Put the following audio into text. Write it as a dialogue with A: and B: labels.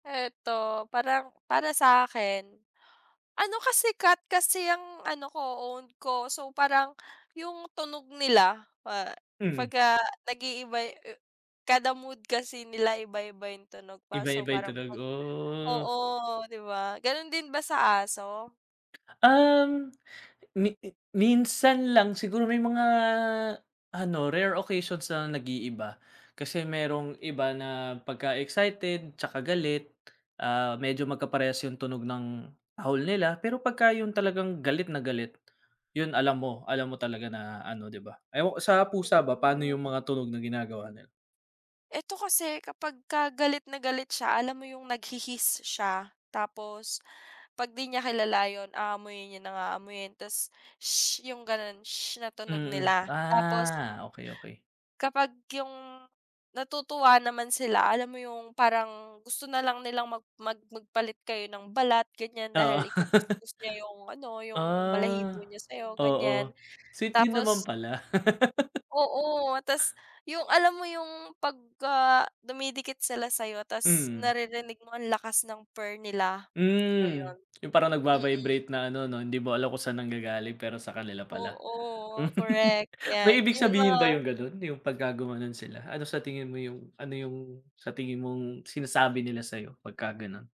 A: Eto parang para sa akin, ano kasi cat kasi ang ano ko own ko, so parang yung tunog nila, ah,
B: Hmm.
A: 'pagka nag-iiba e kada mood kasi nila iba-iba yung tunog pa, so
B: Iba-iba 'yung
A: parang
B: tunog.
A: 'pag
B: Oh.
A: oo, 'di ba? Ganun din ba sa aso?
B: Um, mi minsan lang siguro may mga ano, rare occasions na nag-iiba, kasi merong iba na pagka excited, tsaka galit, ah, medyo magkaparehas yung tunog ng tahol nila, pero 'pagka yun talagang galit na galit, yun alam mo, alam mo talaga na ano, 'di ba? Ewan ko sa pusa ba paano
A: Ooh.
B: yung mga tunog na ginagawa nila?
A: Eto kasi kapagka galit na galit siya, alam mo yung nag-hi-hiss siya, tapos 'pag di niya kilala yun aamuyin niya ng aamuyin, ta's, sshh. 'Yung ganun, sshh, na tunog
B: Mm.
A: nila. Tapos
B: Ah. Okey, okey.
A: kapag yung natutuwa naman sila, alam mo yung parang, gusto na lang nilang mag mag magpalit kayo ng balat ganiyan,
B: Oo.
A: dahil iku-kuskos niya yung ano yung balahibo
B: Ah.
A: niya sa'yo ganiyan,
B: Oo. Sweet din naman
A: tapos
B: pala.
A: Oo, ta's yung alam mo yung pagka dumidikit sila sa'yo, ta's
B: Mm.
A: naririnig mo ang lakas ng purr nila,
B: Hmm,
A: ayon.
B: 'yung parang
A: Mm.
B: nag-va-vibrate na ano 'no, hindi mo alam kung saan nanggagaling pero sa kanila pala.
A: Oo. Correct.
B: May
A: 'Yan,
B: ibig
A: yung
B: sabihin ba
A: mga
B: yung ganon? 'Yung 'pagka gumanon sila, ano sa tingin mo yung ano yung sa tingin mong sinasabi nila sa'yo 'pagka ganon?